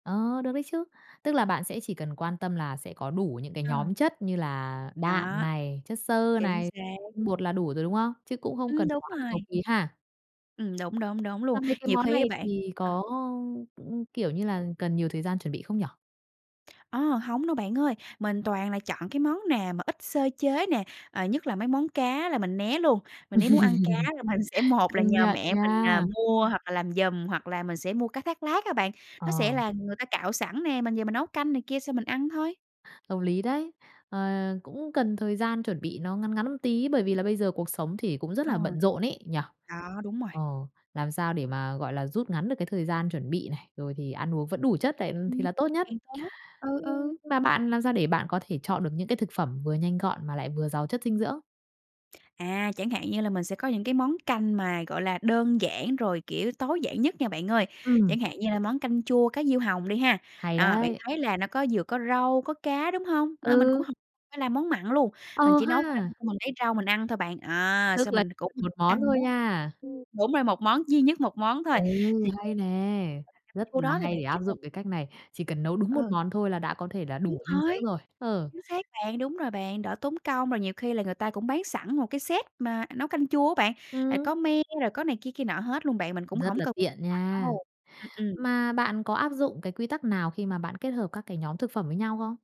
Ờ, được đấy chứ. Tức là bạn sẽ chỉ cần quan tâm là sẽ có đủ những cái Ờ. nhóm chất như là đạm Đó. này, chất xơ Chính này, xác. tinh bột là đủ rồi, đúng không? Chứ cũng không Ừm, cần đúng quá là cầu rồi. ký ha. Ừm, đúng, đúng, đúng Mà luôn. mấy cái Nhiều món khi á này bạn thì ờ. có, ưm, kiểu như là, cần nhiều thời gian chuẩn bị không nhỉ? Ơ, hổng đâu bạn ơi, mình toàn là chọn cái món nào mà ít sơ chế nè, ờ, nhất là mấy món cá là mình né luôn. Mà nếu muốn ăn cá thì mình sẽ một là Công nhờ nhận mẹ mình, ờ, nha. mua hoặc là làm giùm hoặc là mình sẽ mua cá thác lác á bạn, nó sẽ Ờ. là người ta cạo sẵn nè, mình về mình nấu canh này kia xong mình ăn thôi. Hợp lý đấy, ờ, cũng cần thời gian chuẩn bị nó ngắn ngắn một tí, bởi vì là bây giờ cuộc sống thì cũng rất Ừ. là bận rộn ấy, nhỉ. Đó, đúng rồi. Ờ, làm sao để mà, gọi là, rút ngắn được cái thời gian chuẩn bị này, rồi thì ăn uống vẫn đủ chất đấy thì Ừm, là tốt nhất. càng tốt, ừ, Ưm, ừ. mà bạn làm sao để bạn có thể chọn được những cái thực phẩm vừa nhanh gọn mà lại vừa giàu chất dinh dưỡng? À, chẳng hạn như là mình sẽ có những cái món canh mà, gọi là, đơn giản, rồi, kiểu, tối giản nhất nha bạn ơi, Ừm. chẳng hạn như là món canh chua cá diêu hồng đi ha, Hay à, bạn đấy! thấy là nó có vừa có rau, có cá, đúng hông? Nên mình cũng Ừ! hổ phải làm món mặn luôn, mình Ờ chỉ nấu canh ha! xong mình lấy rau mình ăn thôi bạn, à, Tức sau là mình cũng 1 món ăn thôi nha. [unintelligible] đúng rồi, 1 món, duy nhất 1 món Ê, thôi, thì hay nè, rất chua là đó thì hay bạn để biết áp rồi. dụng cái cách này, chỉ cần nấu đúng 1 Ờ. món thôi là đã có thể là Đúng đủ dinh dưỡng rồi, rồi, ờ. chính xác bạn, đúng rồi bạn, đỡ tốn công, rồi nhiều khi là người ta cũng bán sẵn một cái set mà nấu canh chua á bạn, rồi Ừm. có me rồi có này kia kia nọ hết luôn bạn, mình cũng Rất hổng là cần tiện [unintelligible] nha. đâu ừm, ừm. Mà bạn có áp dụng cái quy tắc nào khi mà bạn kết hợp các cái nhóm thực phẩm với nhau không?